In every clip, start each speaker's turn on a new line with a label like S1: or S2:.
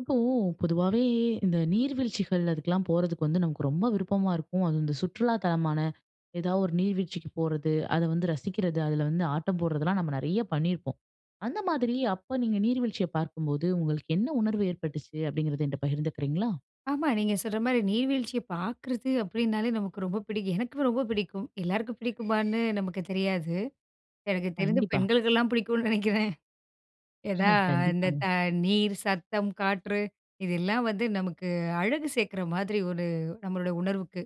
S1: இப்போ பொதுவாவே இந்த நீர்வீழ்ச்சிகள், அதுக்குலாம் போறதுக்கு வந்து நமக்கு ரொம்ப விருப்பமா இருக்கும். அதுவும் இந்த சுற்றுலா தலமான ஏதாவது ஒரு நீர்வீழ்ச்சிக்குப் போறது, அத வந்து ரசிக்கிறது, அதுல வந்து ஆட்டம் போட்றதெல்லாம் நம்ம நெறைய பண்ணியிருப்போம். அந்த மாதிரி, அப்ப நீங்க நீர்வீழ்ச்சிய பார்க்கும்போது உங்களுக்கு என்ன உணர்வு ஏற்பட்டுச்சு? அப்படிங்கிறது என்கிட்ட பகிர்ந்துக்கிறீங்களா?
S2: ஆமா நீங்க சொல்ற மாரி நீர்வீழ்ச்சிய பாக்குறது அப்டினாலே நமக்கு ரொம்ப பிடிக்கும். எனக்கு ரொம்ப பிடிக்கும். எல்லாருக்கும் பிடிக்குமான்னு நமக்கு தெரியாது. எனக்கு தெரிந்து
S1: கண்டிப்பா.
S2: பெண்களுக்கெல்லாம் புடிக்கும்னு நெனைக்கிறேன் ஏதா இந்த
S1: கண்டிப்பாங்க.
S2: நீர், சத்தம், காற்று, இதெல்லாம் வந்து நமக்கு அழகு சேர்க்குற மாதிரி ஒரு நம்மளுடைய உணர்வுக்கு.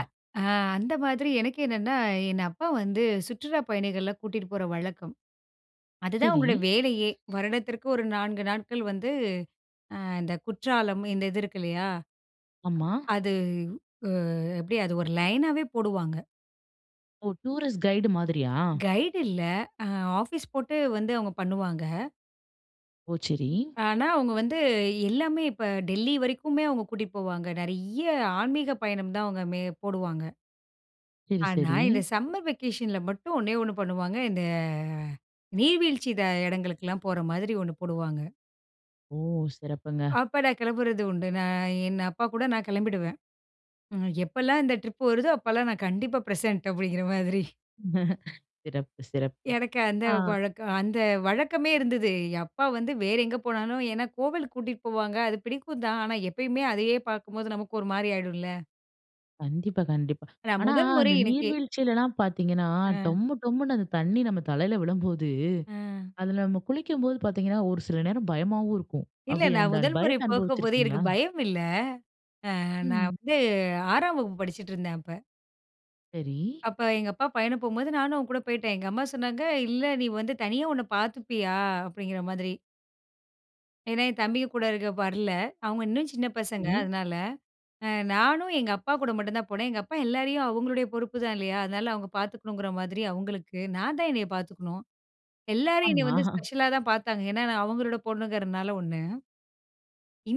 S2: அ அந்த மாதிரி எனக்கு என்னென்னா, என் அப்பா வந்து சுற்றுலாப் பயணிகள கூட்டிட்டு போற வழக்கம். அதுதான்
S1: சரி.
S2: அவுங்களுடைய வேலையே. வருடத்திற்கு ஒரு 4 நாட்கள் வந்து இந்த குற்றாலம் இந்த இது இருக்கு இல்லையா?
S1: ஆமா.
S2: அது அ எப்டி அது ஒரு லைனாவே போடுவாங்க.
S1: ஒ! டூரிஸ்ட கைடு மாதிரியா.
S2: கைடு இல்ல அ ஆஃபீஸ் போட்டு வந்து அவுங்க பண்ணுவாங்க.
S1: ஓ! சரி.
S2: ஆனா அவுங்க வந்து எல்லாமே இப்ப டெல்லி வரைக்குமே, அவுங்க கூட்டிட்டு போவாங்க. நெறைய ஆன்மீக பயணம் தான் அவங்க மே போடுவாங்க.
S1: சரி,
S2: ஆனா
S1: சரி.
S2: இந்த சம்மர் வெகேஷன்ல மட்டும் ஒன்னே 1 பண்ணுவாங்க. இந்த நீர்வீழ்ச்சி இத இடங்களுக்கெல்லாம் போற மாதிரி 1 போடுவாங்க.
S1: ஓ! சிறப்புங்க.
S2: அப்ப நான் கிளம்புறது உண்டு. நான் என் அப்பாகூட நான் கிளம்பிடுவேன். ம் எப்பலாம் இந்த ட்ரிப் வருதோ! அப்பலாம் நான் கண்டிப்பா பிரசன்ட் அப்பிடிங்கிற மாதிரி.
S1: சிறப்பு, சிறப்பு.
S2: எனக்கு அந்த
S1: ஆ.
S2: பழக்கம் அந்த வழக்கமே இருந்தது. அப்பா வந்து வேற எங்க போனாலும் ஏன்னா கோவிலுக்கு கூட்டிட்டு போவாங்க. அது பிடிக்கும் தான். ஆனா எப்பயுமே அதையே பார்க்கும்போது நமக்கு ஒரு மாதிரி ஆயிடும்ல.
S1: கண்டிப்பா, கண்டிப்பா.
S2: நான்
S1: ஆனா
S2: முதல்முறை
S1: அந்த
S2: எனக்கு
S1: நீர்வீழ்ச்சிலலாம் பார்த்தீங்கன்னா,
S2: ஆ.
S1: டொம்மு, டொம்முன்னு அந்த தண்ணீ நம் தலையில விழும்போது,
S2: ஆ.
S1: அதில நம்ம குளிக்கும்போது பார்த்தீங்கன்னா, ஒரு சில நேரம் பயமாவும் இருக்கும்.
S2: இல்ல
S1: அப்பிடி
S2: நான்
S1: அந்த
S2: முதல்முறை
S1: பயத்த
S2: போகும்போது, எனக்கு
S1: அனுபவிச்சிருக்கிறீங்களா?
S2: பயம் இல்ல. அ நான்
S1: ம்.
S2: வந்து 6 ஆம் வகுப்பு படிச்சுட்ருந்தேன் அப்ப.
S1: சரி.
S2: அப்ப எங்க அப்பா பயணம் போம்போது நானும் அவன்கூட போயிட்டேன். எங்க அம்மா சொன்னாங்க, இல்ல நீ வந்து தனியா உன்ன பார்த்துப்பியா? அப்டிங்கிற மாதிரி. ஏன்னா, என் தம்பிய கூட இருக்க வரல. அவுங்க இன்னும் சின்ன பசங்க
S1: இ.
S2: அதனால. அ நானும் எங்க அப்பாகூட மட்டுந்தான் போனேன். எங்க அப்பா எல்லாரையும் அவுங்களுடைய பொறுப்புதான் இல்லயா! அதனால அவுங்க பார்த்துக்கணுங்கிற மாதிரி அவுங்களுக்கு. நான் தான் என்னைய பார்த்துக்கணும். எல்லாரும் என்னைய
S1: ஆமா.
S2: வந்து ஸ்பெஷலா தான் பார்த்தாங்க. ஏன்னா, நான் அவுங்களோட பொண்ணுங்கிறனால 1.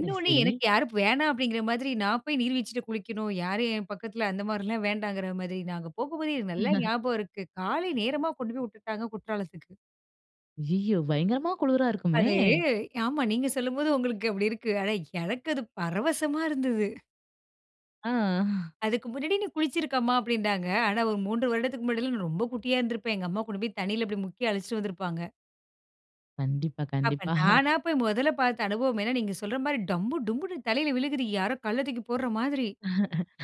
S1: சரி, சரி.
S2: எனக்கு யாரும் வேணா அப்டிங்கிற மாதிரி நான் போய் நீர் வீழ்ச்சில குளிக்கணும், யாரும் என் பக்கத்தில அந்தமாரிலாம் வேண்டாங்கிறமாரி. நாங்க போகும்போதே எனக்கு நல்லா ஞாபகம் இருக்கு. காலை நேரமா கொண்டு போய் விட்டுட்டாங்க. குற்றாலத்துக்கு.
S1: ஐயய்யோ! பயங்கரமா குளிரா இருக்குமே.
S2: அது, ஆமா நீங்க சொல்லும்போது உங்களுக்கு அப்படி இருக்கு. ஆனா எனக்கு அது பரவசமா இருந்தது.
S1: ஆ.
S2: அதுக்கு முன்னாடி நீ குளிச்சிருக்கம்மா அப்படின்னாங்க. ஆனா ஒரு 3 வருடத்துக்கு முன்னாடில்லாம் நான் ரொம்ப குட்டியா இருந்திருப்பேன். எங்க அம்மா கொண்டு போய் தண்ணியில இப்படி முக்கி அழச்சுட்டு வந்திருப்பாங்க.
S1: கண்டிப்பா,
S2: அப்ப
S1: கண்டிப்பா.
S2: நானா போய் முதல்ல பார்த்த அனுபவம் ஏன்னா நீங்க சொல்ற மாரி டம்பு, டொம்புன்னு தலையில விழுகுது. யாரோ கல்ல தூக்கி போடுற மாதிரி.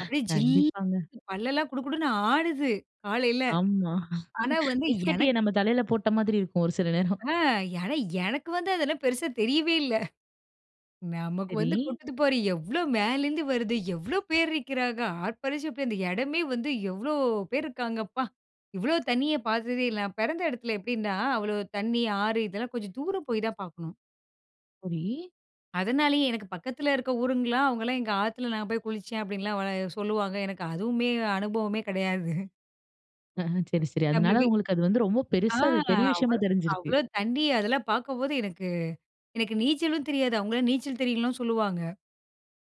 S2: அப்படியே
S1: கண்டிப்பாங்க.
S2: ஜில்லுன்னு பல்லெல்லாம் குடு குடுன்னு ஆடுது காலையில.
S1: ஆமா.
S2: ஆனா வந்து
S1: ஐஸ்கட்டிய
S2: எனக்கு
S1: நம்ம தலையில போட்ட மாதிரி இருக்கும் ஒரு சில நேரம்.
S2: அ. ஆனா எனக்கு வந்து அதெல்லாம் பெருசா தெரியவே இல்லை. நமக்கு
S1: சரி.
S2: வந்து கொட்டுது பாரு எவ்வளவு மேலேருந்து வருது. எவ்வளவு பேர் இருக்கிறாங்க. ஆர்ப்பரிசப்ப அந்த இடமே வந்து எவ்வளோ பேர் இருக்காங்க அப்பா. இவ்வளோ தண்ணிய பார்த்ததே இல்ல. நான் பெறந்த இடத்தில எப்படின்னா அவ்வளவு தண்ணி ஆறு இதெல்லாம் கொஞ்சம் தூரம் போய் தான் பார்க்கணும்.
S1: சரி.
S2: அதனாலேயே எனக்கு பக்கத்தில இருக்க ஊருங்களா அவங்கள்லாம் எங்க ஆத்தில நான் போய் குளிச்சேன் அப்டின்லாம் உள சொல்லுவாங்க. எனக்கு அதுவுமே அனுபவமே கெடையாது.
S1: அஹம். சரி, சரி. அதனால
S2: [unintelligible]
S1: உங்களுக்கு அது வந்து ரொம்ப
S2: ஆ.
S1: பெருசா அது பெரிய விஷயமா
S2: அவ்வளோ,
S1: தெரிஞ்சிருக்கு.
S2: அவ்வளோ தண்ணி அதெல்லாம் பார்க்கும்போது, எனக்கு எனக்கு நீச்சலும் தெரியாது. அவங்கல்லாம் நீச்சல் தெரியும்ல்லாம் சொல்லுவாங்க.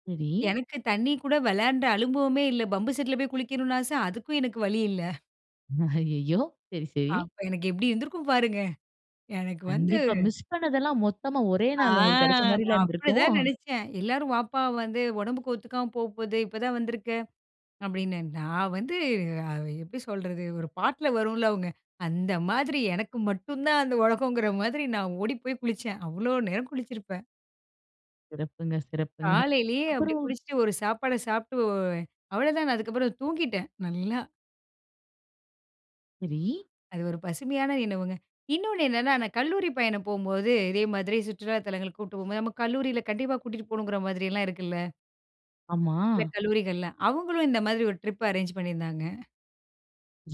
S1: சரி.
S2: எனக்கு தண்ணீ கூட விளையாண்ட அனுபவமே இல்ல. பம்பு செட்ல போய் குளிக்கணுனு ஆச. அதுக்கும் எனக்கு வழி இல்ல
S1: அய்யய்யோ! சரி, சரி.
S2: அப்ப எனக்கு எப்பிடி இருந்திருக்கும் பாருங்க. எனக்கு வந்து
S1: கண்டிப்பா. மிஸ் பண்ணதெல்லாம் மொத்தமா ஒரே
S2: ஆ.
S1: நாள் உங்களுக்கு கிடைச்சமாரில்ல
S2: நான்
S1: இருந்திருக்கும்
S2: அப்பதான் நினைச்சேன். எல்லாரும் வாப்பா! வந்து உடம்புக்கு ஒத்துக்காம போப்போது இப்ப தான் வந்துருக்க! அப்பிடின்னு, நான் வந்து அ எப்பிடி சொல்றது? ஒரு பாட்ல வரும்ல அவுங்க. அந்த மாதிரி எனக்கு மட்டும் தான் அந்த உலகங்கிற மாதிரி, நான் ஓடி போய் குளிச்சேன். அவ்ளோ நேரம் குளிச்சிருப்பேன்.
S1: சிறப்புங்க, சிறப்புங்க.
S2: காலையிலேயே அப்பிடி
S1: அப்புறம்.
S2: குளிச்சிட்டு ஒரு சாப்பாட சாப்பிட்டு, அவளதான அதுக்கப்பறம் தூங்கிட்டேன், நல்லா.
S1: சரி.
S2: அது ஒரு பசுமையான நினவுங்க. இன்னொன்னு என்னன்னா, நான் கல்லூரி பயணம் போம்போது, இதேமாதிரி சுற்றுலா தலங்களுக்கு கூட்டு போம்போது, நம்ம கல்லூரியில கண்டிப்பா கூட்டிட்டு போணுங்கிற மாதிரியெல்லாம் இருக்குல்ல.
S1: ஆமா.
S2: சில கல்லூரிகள்ல. அவுங்களும் இந்த மாதிரி ஒரு ட்ரிப் அரேஞ்சு பண்ணியிருந்தாங்க.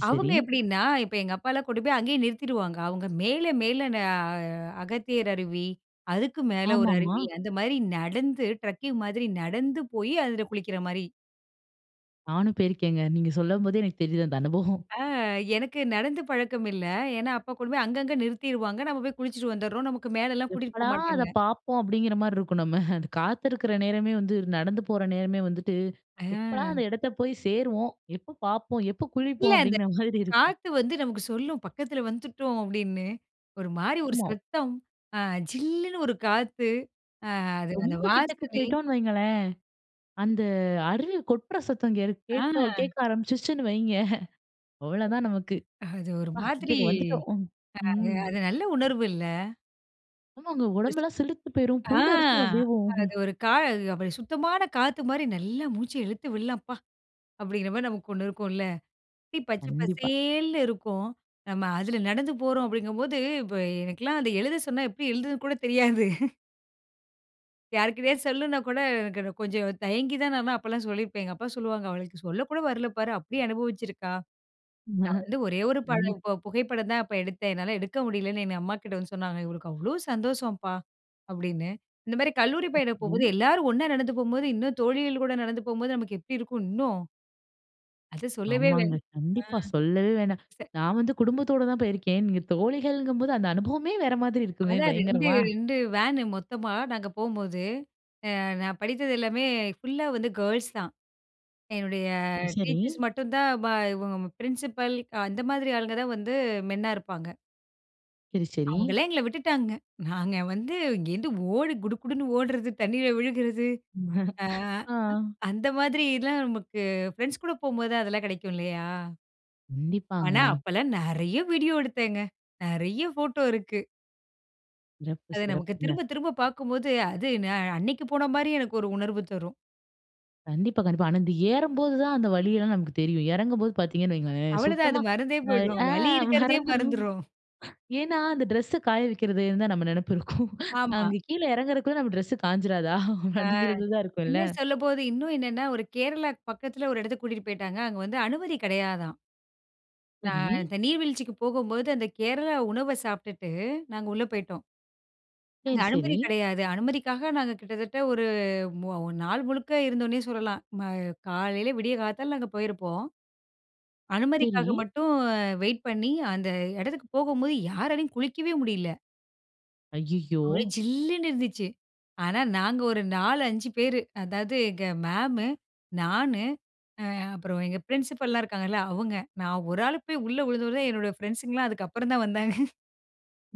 S2: அவுங்க
S1: சரி.
S2: எப்பிடின்னா, இப்ப எங்க அப்பாலாம் கூட்டு போய் அங்கயே நிறுத்திடுவாங்க. அவுங்க மேல, மேல அ அகத்தியர் அருவி, அதுக்கு மேல ஒரு
S1: ஆமாமா.
S2: அருவி, அந்தமாரி நடந்து ட்ரக்கிங் மாதிரி நடந்து போய் அதில குளிக்கிறமாரி.
S1: நானும் போயிருக்கேங்க. நீங்க சொல்லும்போதே எனக்கு தெரியுது அந்த அனுபவம்.
S2: ஆ. எனக்கு நடந்து பழக்கம் இல்ல. ஏன்னா, அப்பா கொண்டுபோயி அங்கங்க நிறுத்திருவாங்க. நம்ம போயி குளிச்சுட்டு வந்துர்றோம், நமக்கு மேலேலாம் கூட்டிட்டு போ
S1: எப்படா அத
S2: மாட்டாங்க.
S1: பார்ப்போம் அப்பிடிங்கற மாரி இருக்கும். நம்ம அந்த காத்திருக்கிற நேரமே வந்து நடந்து போற நேரமே வந்துட்டு, எப்படா! அந்த
S2: ஆ.
S1: இடத்த போயி சேருவோம், எப்போ பார்ப்போம், எப்போ
S2: இல்ல.
S1: குளிப்போம்,
S2: அந்த
S1: அப்பிடிங்கிற மாதிரி இருக்கும்.
S2: காத்து வந்து நமக்கு சொல்லும், "பக்கத்தில வந்துட்டோம்" அப்பிடின்னு ஒருமாரி ஒரு
S1: ஆமா.
S2: சத்தம் ஆ ஜில்லுன்னு ஒரு காத்து, ஆ அது அந்த
S1: ரொம்ப கிட்டக்கு
S2: வாசனை.
S1: போயிட்டோன்னு வைங்கோளேன்! அந்த அருவி கொட்ற சத்தம் இங்கே [unintelligible]
S2: ஆ.
S1: கேட்டோ, கேட்க ஆரம்பிச்சுருச்சுன்னு வைங்க அவ்வளவு தான் நமக்கு
S2: அது ஒரு
S1: அ
S2: மாதிரி,
S1: கிட்டக்க வந்துட்டோம் ம்,
S2: அ அது,
S1: ம்.
S2: அது நல்ல உணர்வு இல்ல.
S1: ஆமாங்க.
S2: [unintelligible]
S1: உடம்பெல்லாம் சிலிர்த்து போயிரும்.
S2: ஆ,
S1: புல் அரிச்சும் அப்பிடியேவும்.
S2: அது ஒரு கா அப்பிடி சுத்தமான காத்துமாரி நல்லா மூச்ச இழுத்து விட்லாம்ப்பா, அப்பிடிங்கிற மாரி நமக்கு ஒண்ணு இருக்குன்ல. பச்ச
S1: கண்டிப்பா.
S2: பசேல்னு இருக்கும். நம்ம அதில நடந்து போறோம் அப்பிடிங்கம்போது, இப்ப எனக்கெல்லாம் அத எழுத சொன்னா எப்பிடி எழுதுறதுன்னு கூட தெரியாது. யாருக்கிட்டயாவது சொல்லணுன்னா கூட எனக்கு கொஞ்சம் தயங்கி தான் நான் அப்பல்லாம் சொல்லியிருப்பேன். எங்க அப்பா சொல்லுவாங்க, "அவளுக்கு சொல்ல கூட வரல பாரு! அப்பிடி அனுபவச்சியிருக்கா!" நான் வந்து ஒரே ஒரு
S1: தண்ணி.
S2: படம், இப்ப புகைப்படந்தான் அப்ப எடுத்தேன். என்னால எடுக்க முடியலன்னு எங்க அம்மாகிட்ட வந்து சொன்னாங்க. இவளுக்கு அவ்ளோ சந்தோஷம்பா! அப்பிடின்னு. இந்த மாரி கல்லூரி பயணம்
S1: எப்படி?
S2: போகும்போது எல்லோரும் ஒன்னா நடந்து போம்போது, இன்னும் தோழிகள் கூட நடந்து போம்போது நமக்கு எப்பிடி இருக்கும் இன்னும். அது சொல்லவே வே அ.
S1: ஆமாங்க. கண்டிப்பா, சொல்லவே வேணாம்.
S2: சரி.
S1: நான் வந்து குடும்பத்தோட தான் போயிருக்கேன். நீங்க தோழிகள்ங்கம் போது அந்த அனுபவமே வேற மாதிரி இருக்குமே!
S2: அதான் ரெண்டு,
S1: பயங்கரமா
S2: ரெண்டு வேனு மொத்தமா நாங்க போம்போது. அ நான் படித்தது எல்லாமே ஃபுல்லா வந்து கேர்ள்ஸ் தான். என்னுடைய
S1: சரி.
S2: டீச்சர்ஸ் மட்டும் தான் பா இவுங்க பிரின்சிபல் அ அந்த மாதிரி ஆளுங்க தான் வந்து மென்னா இருப்பாங்க.
S1: சரி, சரி.
S2: அவுங்களே எங்கள விட்டுட்டாங்க. நாங்க வந்து இங்கே இருந்து ஓடி குடுகுடுன்னு ஓட்றது, தண்ணீல விழுகுறது, அ
S1: ஆ.
S2: அந்த மாதிரி எல்லாம் நமக்கு பிரெண்ட்ஸ்கூட போம்போதுதான் அதெல்லாம் கிடைக்கும் இல்லயா! ஆனா,
S1: கண்டிப்பாங்க.
S2: அப்பல்லாம் நெறைய வீடியோ எடுத்தேங்க. நெறைய போட்டோ இருக்கு.
S1: சிறப்பு,
S2: அது நமக்கு
S1: சிறப்புங்க.
S2: திரும்ப, திரும்ப பார்க்கும்போது, அது நான் அன்னக்கிப் போனமாரி எனக்கு ஒரு உணர்வு தரும்.
S1: கண்டிப்பா, கண்டிப்பா. ஆனா இந்த ஏறும்போது தான் அந்த வலியெல்லாம் நமக்கு தெரியும். இறங்கும்போது பார்த்தீங்கன்னு வையுங்களேன்!
S2: அவ்ளவதான் அது
S1: சுத்தமா
S2: மறந்தே
S1: அ,
S2: போயிடும்.
S1: ஆ
S2: வலி இருக்கிறதே
S1: மறந்துருவோம்
S2: மறந்துரும்.
S1: ஏன்னா, அந்த ட்ரெஸ்ஸ காய வைக்கிறதுந்தான் நம்ம நினைப்பு இருக்கும்.
S2: ஆமா.
S1: அங்க கீழ இறங்குறதுக்குள்ள நம்ம ட்ரெஸ்ஸு காய்ஞ்சிராதா!
S2: ஆ
S1: அப்பிடிங்கிறது தான் இருக்கும்ல
S2: இன்னும் சொல்லும்போது இன்னும் என்னன்னா, ஒரு கேரளாக்கு பக்கத்தில ஒரு இடத்துக்கு கூட்டிட்டு போயிட்டாங்க. அங்க வந்து அனுமதி கிடையாதாம்.
S1: சரி.
S2: நான் இந்த நீர் வீழ்ச்சிக்கு போகும்போது அந்த கேரளா உணவ சாப்பிட்டுட்டு, நாங்க உள்ள போயிட்டோம்.
S1: சரி,
S2: அங்க அனுமதி
S1: சரி.
S2: கிடையாது. அனுமதிக்காக நாங்க கிட்டத்தட்ட ஒரு மு நாள் முழுக்க இருந்தோன்னே சொல்லலாம். ம காலையில விடிய காத்தால அங்க போயிருப்போம்.
S1: சரி.
S2: அனுமதிக்காக மட்டும் வெயிட் பண்ணி, அந்த இடத்துக்கு போகும்போது யாராலையும் குளிக்கவே முடியல.
S1: ஐய்யயோ!
S2: ஒரே ஜில்லுன்னு இருந்துச்சு. ஆனா நாங்க ஒரு 4, 5 பேரு, அதாவது எங்க மேம்மு, நானு, ஆ அப்புறம் எங்க பிரின்சிபல்லாம் இருக்காங்கள்ள, அவுங்க. நான் 1 ஆளு போய் உள்ள விழுந்தோடன தான், என்னுடைய ஃபிரெண்ட்ஸ்ங்கலாம், அதுக்கு அப்புறம் தான் வந்தாங்க.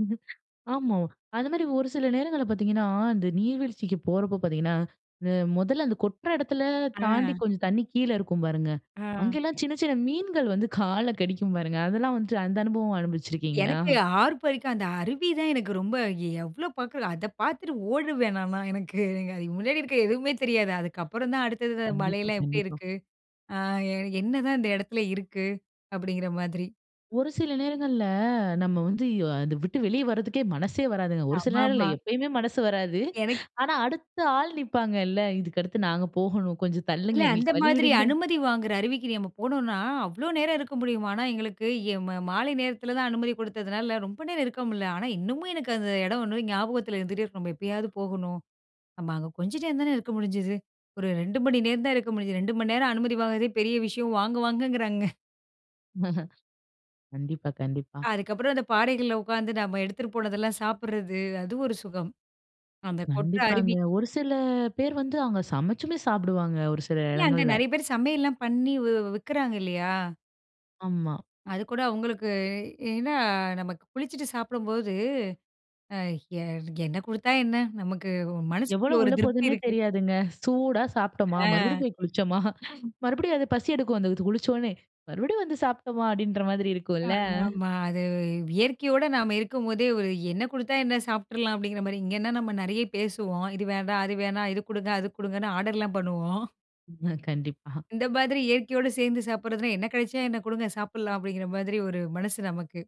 S1: ம் ஆமா அந்த மாதிரி ஒரு சில நேரங்கள்ள பாத்தீங்கன்னா, அந்த நீர்வீழ்ச்சிக்கு போறப்ப பாத்தீங்கன்னா, அந்த மொதல்ல அந்த கொட்டுற எடத்தில தாண்டி
S2: ஆ.
S1: கொஞ்சம் தண்ணீ கீழே இருக்கும் பாருங்க,
S2: ஆ.
S1: அங்கல்லாம் சின்ன சின்ன மீன்கள் வந்து கால கடிக்கும் பாருங்க. அதெல்லாம் வந்துட்டு, அந்த அனுபவம் அனுபவிச்சிருக்கீங்களா?
S2: எனக்கு ஆர்பரிக்கும் அந்த அருவி தான் எனக்கு ரொம்ப எவ் எவ்வளோ பாக்கிறது? அதை பாத்துட்டு ஓடுருவேன் நான்லாம். எனக்கு அங்க அ முன்னாடி இருக்க எதுவுமே தெரியாது. அதுக்கப்புறம் தான் அடுத்தது அந்த
S1: கண்டிப்பா,
S2: மலையெல்லாம் எப்படி
S1: கண்டிப்பா.
S2: இருக்கு? அ என்னதான் இந்த இடத்தில இருக்கு? அப்படிங்கிற மாதிரி.
S1: ஒரு சில நேரங்கள்ள, நம்ம வந்து, இ அதை விட்டு வெளிய வர்றதுக்கே மனசே வராதுங்க. ஒரு சில நேரம் இல்ல,
S2: ஆமாமா.
S1: எப்பயுமே மனசு வராது.
S2: எனக்
S1: ஆனா அடுத்த ஆள் நிப்பாங்கல்ல, இதுக்கு அடுத்து நாங்க போகணும். கொஞ்சம்
S2: இல்ல
S1: தள்ளுங்க,
S2: அந்த
S1: எங்களுக்கு
S2: மாதிரி
S1: வழிவிடுங்க.
S2: அனுமதி வாங்குற அருவிக்கு நம்ம போனோன்னா, அவ்ளோ நேரம் இருக்க முடியுமான்னா? எங்களுக்கு எ மா மாலை நேரத்தில தான் அனுமதி கொடுத்ததுனால, ரொம்ப நேரம் இருக்க முடில. ஆனா, இன்னமும் எனக்கு அந்த எடம் 1 ஞாபகத்தில இருந்துட்டே இருக்கும். நம்ம எப்பயாவது போகணும். நம்ம அங்க கொஞ்சம் டைம் தானே இருக்க முடிஞ்சுது. ஒரு 2 மணி நேரம் தான் இருக்க முடிஞ்சது. 2 மணி நேரம் அனுமதி வாங்குறதே பெரிய விஷயம். வாங்க வாங்கங்கிறாங்க.
S1: கண்டிப்பா, கண்டிப்பா.
S2: அதுக்கப்புறம் அந்த பாறைகள்ல உட்காந்து, நம்ம எடுத்துட்டு போனதெல்லாம் சாப்பிடுறது. அது ஒரு சுகம்! அந்த கொட்ற
S1: கண்டிப்பாங்க.
S2: அருவி
S1: ஒரு சில பேர் வந்து, அவங்க சமைச்சுமே சாப்பிடுவாங்க ஒரு சில
S2: இல்லை, அங்க
S1: எடங்கள்ல.
S2: நெறைய பேர் சமையல்லாம் பண்ணி வி விற்கிறாங்க இல்லையா?
S1: ஆமா.
S2: அது கூட அவங்களுக்கு ஏன்னா, நமக்கு குளிச்சுட்டு சாப்பிடும்போது அ என் என்ன குடுத்தா என்ன? நமக்கு மனசுக்குள்ள
S1: எவ்வளவு
S2: ஒரு
S1: உள்ள
S2: திருப்தி
S1: போதுன்னே
S2: இருக்கு.
S1: தெரியாதுங்க. "சூடா சாப்ட்டோமா,
S2: அ.
S1: மறுபடியும் போய் குளிச்சோமா, மறுபடியும் அது பசி எடுக்கும், அந்த அது குளிச்சொன்னே. மறுபடியும் வந்து சாப்ட்டோமா." அப்படீன்கிற மாதிரி இருக்கும் இல்ல.
S2: ஆமாமா. அது இயற்கையோட நாம இருக்கும்போதே, "ஒரு என்ன குடுத்தா என்ன? சாப்ட்டுறலாம்." அப்படீங்கிற மாரி. இங்கேன்னா, நம்ம நெறைய பேசுவோம். இது வேண்டாம், அது வேணாம், இது குடுங்க, அது குடுங்கன்னு ஆர்டர்லாம் பண்ணுவோம்.
S1: ம். கண்டிப்பா.
S2: இந்த மாதிரி இயற்கையோடு சேர்ந்து சாப்புடுறதுனா, "என்ன கெடைச்சா என்ன? குடுங்க சாப்புடலாம்." அப்படீங்கிற மாதிரி ஒரு மனசு நமக்கு.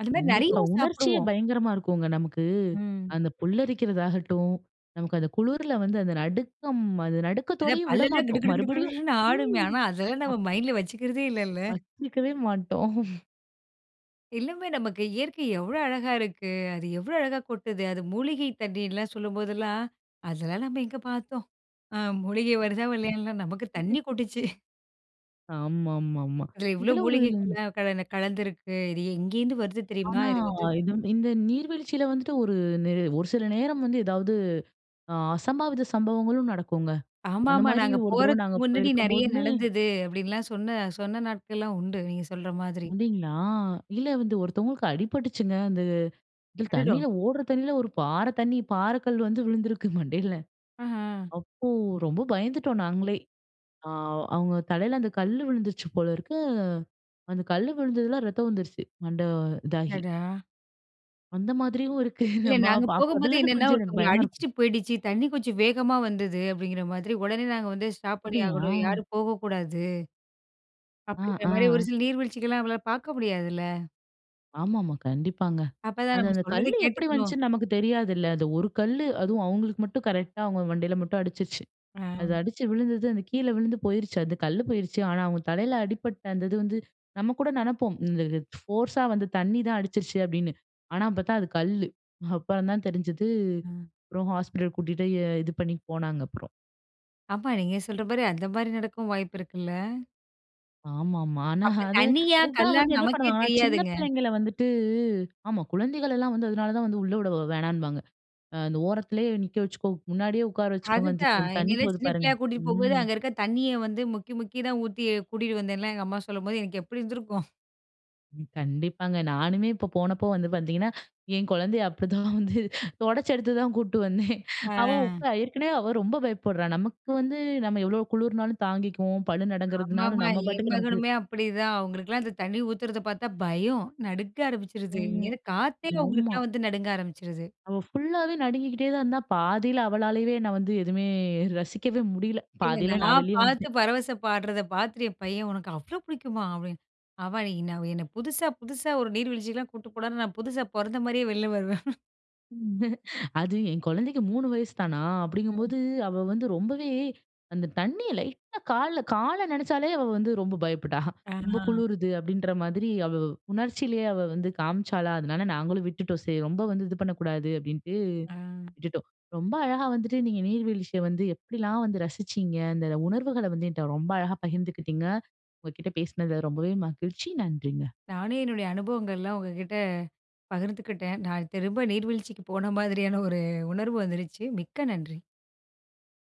S2: அந்த மாரி நெறைய
S1: கண்டிப்பா. உணர்ச்சியே
S2: சாப்புடுவோம்.
S1: பயங்கரமா இருக்கும்ங்க நமக்கு.
S2: ம்.
S1: அந்த புல்லரிக்கிறதாகட்டும், நமக்கு அந்த குளுருல வந்து அந்த நடுக்கம் அது
S2: அதான்
S1: நடுக்கத்தோடையும்
S2: பல்லெல்லாம் கிடு
S1: விடமாட்டோம்.
S2: கிடு கிடு
S1: மறுபடியும்
S2: கிடுன்னு ஆடுமே.
S1: ம்
S2: ஆனா அதெல்லாம் நம்ம
S1: அப்
S2: மைண்டில வச்சுக்கிறதே இல்லைல்ல.
S1: வச்சுக்கவே மாட்டோம்.
S2: எல்லாமே நமக்கு இயற்கை எவ்வளோ அழகா இருக்கு. அது எவ்வளோ அழகா கொட்டுது. அது மூலிகை தண்ணீர்ல்லாம் சொல்லும் போதெல்லாம், அதெல்லாம் நம்ம எங்க பார்த்தோம். அ மூலிகை வருதா வல்லையான்னுலாம் நமக்கு தண்ணி கொட்டுச்சு
S1: ஆமாமாமா.
S2: இதில இவ்வளோ
S1: இதுல ஒரு
S2: மூலிகைகள்லாம் கல கலந்திருக்கு. இது எங்கேருந்து வருது தெரியுமா?
S1: ஆனா
S2: இது வந்து
S1: இது இந்த நீர்வீழ்ச்சியில வந்துட்டு ஒரு நே ஒரு சில நேரம் வந்து எதாவது அ அசம்பாவித சம்பவங்களும் நடக்குங்க. அந்த
S2: ஆமாமா.
S1: மாரி
S2: நாங்க
S1: ஒரு தடவ
S2: போறதுக்கு
S1: நாங்க
S2: முன்னாடி நெறைய
S1: போயிருக்கும்போதுமே
S2: நடந்தது. அப்டின்லாம் சொன்ன சொன்ன நாட்கள்லாம் உண்டு. நீங்க சொல்ற மாதிரி.
S1: அப்டிங்களா? இல்ல வந்து ஒருத்தவங்களுக்கு அடிபட்டுச்சுங்க. அந்த இது தண்ணில
S2: அடடா!
S1: ஓடுற தண்ணில 1 பாறை தண்ணி பாறை கல் வந்து விழுந்திருக்கு மண்டையில.
S2: அஹா.
S1: அப்போ ரொம்ப பயந்துட்டோம் நாங்களே. அ அவங்க தலையில அந்த கல்லு விழுந்துருச்சு போல இருக்கு. அந்த கல்லு விழுந்ததில ரத்தம் வந்துருச்சு. மண்டை இதாகி.
S2: அடடா!
S1: அந்த மாதிரியும் இருக்கு.
S2: இல்ல.
S1: நம்ம
S2: நாங்க
S1: அப் அப்ப
S2: போகும்போது
S1: அதுலருந்து
S2: என்னன்னா,
S1: கொஞ்சம் எனக்கு
S2: ஒருத்தவங்கள
S1: பயமா இருக்கும்.
S2: அடிச்சுட்டு போயிடுச்சு. தண்ணி கொஞ்சம் வேகமா வந்தது. அப்டிங்கிற மாதிரி உடனே நாங்க வந்து ஸ்டாப் பண்ணி
S1: அப்டியா?
S2: ஆகணும். யாரும் போகக்கூடாது.
S1: ஆ.
S2: அப்டிங்கிற மாரி. ஒரு
S1: ஆ.
S2: சில நீர்வீழ்ச்சிகலாம் நம்மளால பார்க்க முடியாதுல்ல.
S1: ஆமாமா. கண்டிப்பாங்க.
S2: அப்ப தான்
S1: அது
S2: நம்ம
S1: அந்த
S2: சொல்றத
S1: கல்லு எப்பிடி
S2: கேட்டுக்கணும்.
S1: வந்துச்சுன்னு நமக்கு தெரியாதுல்ல. அந்த ஒரு கல்லு அதுவும் அவுங்களுக்கு மட்டும் கரெக்ட்டா அவுங்க மண்டைல மட்டும் அடிச்சுருச்சு. அது
S2: ஆ.
S1: அடித்து விழுந்தது, அந்த கீழ விழுந்து போயிருச்சு. அந்த கல்லு போயிருச்சு. ஆனா, அவுங்க தலையில அடிபட்ட அந்த இது வந்து நம்மகூட நினைப்போம். இந்த ஃபோர்ஸா வந்து தண்ணி தான் அடிச்சிருச்சு அப்பிடின்னு. ஆனா பார்த்தா அது கல்லு. அப்புறம் தான் தெரிஞ்சது,
S2: ம்.
S1: அப்புறம் ஹாஸ்பிட்டல் கூட்டிட்டு இது பண்ணி போனாங்க அப்புறம்.
S2: ஆமா, நீங்க சொல்றமாரி, அந்தமாரி நடக்கவும் வாய்ப்பு இருக்குல்ல.
S1: ஆமாமா. ஆனா
S2: அப்ப
S1: அது
S2: தண்ணியா!
S1: அது தான்
S2: கல்லா!
S1: வந்து என்ன
S2: நமக்கே
S1: பண்ணுவாங்கன்னா, சின்ன
S2: தெரியாதுங்க.
S1: பிள்ளைங்கள வந்துட்டு ஆமா குழந்தைகள் எல்லாம் வந்து அதனால தான் வந்து உள்ள விட வேணானும்பாங்க. அ அந்த ஓரத்திலே நிக்க வச்சுக்கோ! முன்னாடியே உட்கார வச்சிக்கோங்க
S2: அதுதான்.
S1: [unintelligible] தண்ணி
S2: என்னையெல்லாம்
S1: போது
S2: சின்ன
S1: பாருங்க!
S2: பிள்ளையா கூட்டிட்டு போம்போது,
S1: ம்.
S2: அங்க இருக்க தண்ணிய வந்து முக்கி, முக்கி தான் ஊத்தி கூட்டிட்டு வந்தேன்லாம் எங்க அம்மா சொல்லும்போது, எனக்கு எப்பிடி இருந்திருக்கும்?
S1: கண்டிப்பாங்க. நானுமே இப்ப போனப்போ வந்து பார்த்தீங்கன்னா, என் குழந்தைய அப்பிடி தான் வந்து துடச்சு எடுத்து தான் கூட்டு வந்தேன்.
S2: ஆ.
S1: அவ உக்கா ஏற்கனவே அவ ரொம்ப பயப்புட்றா! நமக்கு வந்து நம்ம எவ்ளோ குளிர்னாலும் தாங்கிக்குவோம். பல்லு நடுங்கிறதுனாலும்
S2: ஆமாமா.
S1: நம்ம
S2: என்
S1: பாட்டுக்கு நமக்கு
S2: மகனுமே அப்பிடிதான். அவுங்களுக்கெல்லாம் இந்த தண்ணி ஊத்துறதப் பார்த்தா, பயம், நடுக்க ஆரம்பிச்சிருது. இங்க
S1: ம்.
S2: என்ன காத்தே
S1: ஆமா.
S2: அவுங்களுக்கெல்லாம் வந்து நடுங்க ஆரம்பிச்சிருது.
S1: அவ ஃபுல்லாவே நடுங்கிகிட்டே தான் இருந்தா, பாதியில அவளாலயவே நான் வந்து எதுமே ரசிக்கவே முடியல.
S2: இல்ல.
S1: பாதியில நான்
S2: நான்
S1: வெளிய
S2: பார்த்து
S1: வந்துட்டேன்.
S2: பரவச பாடுறத பார்த்துட்டு என் பையன் உனக்கு அவ்ளோ பிடிக்குமா! அவன் அவன் அன்னக்கி நான் என்ன புதுசா புதுசா ஒரு நீர்வீழ்ச்சிக்கெல்லாம் கூட்டுப் போனார்ன்னா, நான் புதுசா பொறந்தமாரியே வெளில வருவேன்.
S1: அது என் குழந்தைக்கு 3 வயசு தானா,
S2: ம்.
S1: அப்பிடிங்கும்போது, அவ வந்து ரொம்பவே அந்த தண்ணிய லைட்டா கால்ல கால நனச்சாலே அவ வந்து ரொம்ப பயப்புட்டா!
S2: ஆ,
S1: ரொம்ப
S2: ஆ.
S1: குளிருது அப்பிடின்ற மாதிரி, அவ உணர்ச்சியிலேயே அவ வந்து காமிச்சாளா! அதனால நாங்களும் விட்டுட்டோம். சரி ரொம்ப வந்து இது பண்ணக்கூடாது, அப்பிடின்ட்டு
S2: ஆ.
S1: விட்டுட்டோம். ரொம்ப அழகா வந்துட்டு, நீங்க நீர்வீழ்ச்சிய வந்து எப்பிடிலாம் வந்து ரசிச்சிங்க, அந்த உணர்வுகள வந்து என்ட்ட ரொம்ப அழகா பகிர்ந்துக்கிட்டீங்க. உங்க கிட்ட பேசினதுல ரொம்பவே மகிழ்ச்சி. நன்றிங்க.
S2: நானும் என்னுடைய அனுபவங்கள்லாம் உங்கக்கிட்ட பகிர்ந்துக்கிட்டேன். நான் திரும்ப நீர்வீழ்ச்சிக்கு போன மாதிரியான ஒரு உணர்வு வந்துருச்சு. மிக்க நன்றி.